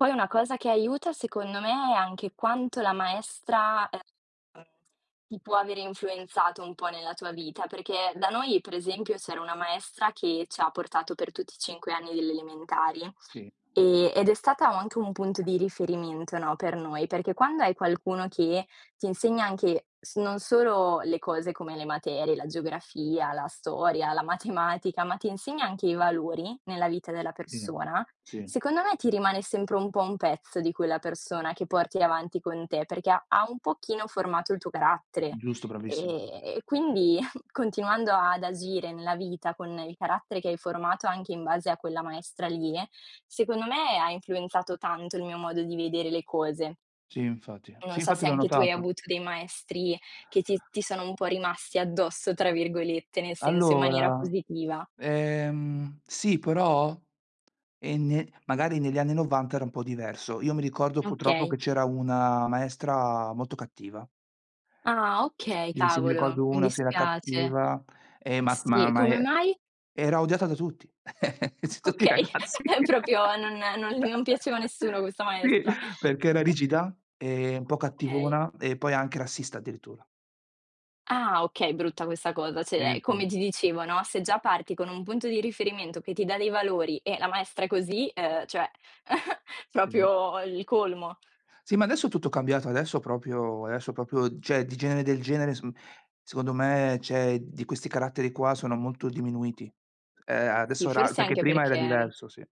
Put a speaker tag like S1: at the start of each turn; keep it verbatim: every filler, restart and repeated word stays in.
S1: Poi una cosa che aiuta secondo me è anche quanto la maestra, ehm, ti può avere influenzato un po' nella tua vita, perché da noi, per esempio, c'era una maestra che c'ha portato per tutti i cinque anni delle elementari,
S2: Sì.
S1: ehm, ed è stata anche un punto di riferimento, no, per noi, perché quando hai qualcuno che t'insegna anche s non solo le cose come le materie, la geografia, la storia, la matematica, ma t'insegna anche i valori nella vita della
S2: Sì,
S1: persona,
S2: sì.
S1: secondo me ti rimane sempre un po' un pezzo di quella persona, che porti avanti con te. Perché ha un pochino formato il tuo carattere;
S2: Giusto bravissim
S1: ehm, e quindi continuando ad agire nella vita con il carattere che hai formato anche in base a quella maestra lì, secondo me ha influenzato tanto il mio modo di vedere le cose.
S2: Sì infatti,
S1: Non
S2: sì
S1: so
S2: infatti
S1: se
S2: l'ho
S1: anche tu hai
S2: notato.
S1: avuto dei maestri che ti ti sono un po' "rimasti addosso" tra virgolette, nel senso in maniera
S2: Allora,
S1: positiva.
S2: ehm, sì però, e ne magari negli anni novanta era un po' diverso. Io mi ricordo purtroppo che
S1: Okay.
S2: c'era una maestra molto cattiva.
S1: Ah okay,
S2: Sì, sì, mi
S1: cavolo,
S2: ricordo
S1: mi
S2: una che era
S1: dispiace.
S2: cattiva, e ma
S1: Sì,
S2: ma ma
S1: come
S2: e
S1: mai?
S2: era odiata da tutti. Tutti i
S1: Okay,
S2: ragazzi.
S1: ehm, propio non non l non piaceva a nessuno questa
S2: Sì,
S1: maestra.
S2: perché era rigida e un po'
S1: Okay.
S2: cattivona e poi anche rassista, addirittura.
S1: Ah okay, brutta questa cosa,
S2: Sì,
S1: ceh, ehm,
S2: sì.
S1: come ti dicevo, no, se già parti con un punto di riferimento che ti dà dei valori e la maestra è così, ehm, cioè,
S2: Sì.
S1: propio il colmo.
S2: Sì, ma adesso è tutto cambiato, adesso propio adesso propio, ceh di genere del genere s mhmm, secondo me, ceh di questi caratteri qua sono molto diminuiti. Ehm,
S1: Sì,
S2: adesso era
S1: forse
S2: perché
S1: anche
S2: prima era
S1: perché, mhmm
S2: diverso, sì.